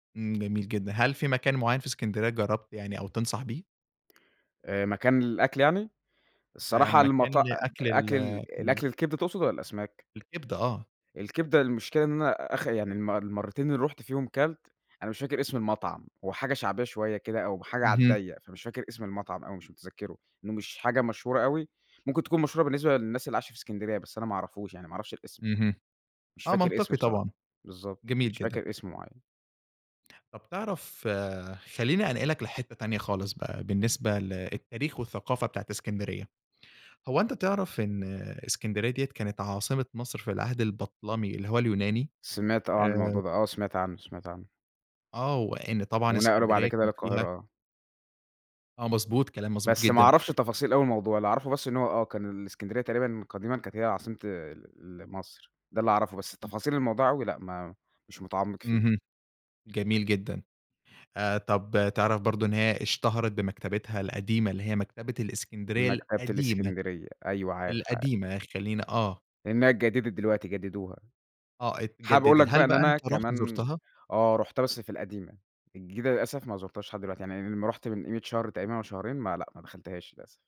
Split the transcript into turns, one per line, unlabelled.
امم جميل جدًا. هل في مكان معيّن في إسكندرية جربت يعني أو تنصح بيه؟
آآ مكان للأكل يعني؟
آآ
الصراحة
مكان
المطا أ
لأكل ال
أكل ال
ال
الأكل الكبدة تقصد والّا الأسماك؟
الكبدة آه.
الكبدة، المشكلة إن أنا آخ يعني الم المرّتين اللي رُحت فيهم كَلت، أنا مش فاكر اسم المطعم، هو حاجة شعبية شوية كده، أو حاجة على
اهم.
الضيَّق، فمش فاكر اسم المطعم أوي مش متذكره، لإنه مش حاجة مشهورة أوي، ممكن تكون مشهورة بالنسبة للناس اللي عايشة في إسكندرية، بس أنا ما اعرفوش يعني، ما اعرفش الإسم
اهم،
مش
آه
فاكر اسم
منطقي
بصراحة.
طبعًا،
بالضبط،
جميل
مش
جدًا.
فاكر اسم مُعيَّن.
طَب تعرف خلِّيني أنقلك لحتة تانية خالص بقى، بالنسبة ل التاريخ والثقافة بتاعة إسكندرية. هو أنت تعرف إن إسكندرية دِيَّة كانت عاصمة مصر في العهد البَطلَمي اللي هو اليوناني؟
سمعت آه عن
آآ
الموضوع ده، آه سمعت عنّه، سمعت عنّه.
آه، وإن طبعًا
ونَقَلوا بعد
إسكندرية
كده
كان فيها
للقاهرة، آه.
آه، مضبوط، كلام مضبوط
بس ما
جدًا.
اعرفش تفاصيل أوي الموضوع، اللي اعرفه بس إن هو آه كان الإسكندرية تقريبًا قديمًا كانت هي عاصمة ال مصر، ده اللي اعرفه بس
[unintelligible]
تفاصيل الموضوع أوي لأ، ما مش متعمق فيه.
اهم، جميل جدًا. آآ طب تعرف برضه إن هي اشتهرت بمكتبتها القديمة اللي هي مكتبة الإسكندرية
مكتبة
القديمة؟
الإسكندرية، أيوه عارف، عارف.
القديمة خلِّين آه.
إنها اتجددت دلوقتي جددوها.
آه
حابب أقول
اتجددت.
لك بقى
هل
إن
بقى
أنا
أنت رُحت
كمان
زُرتها؟
آه رُحتها بس في القديمة، الجديدة للأسف ما زرتهاش لحد دلوقتي، يعني أمّا رُحت من قيمة شهر تقريبًا أو شهرين ما لأ، ما دخلتهاش للأسف.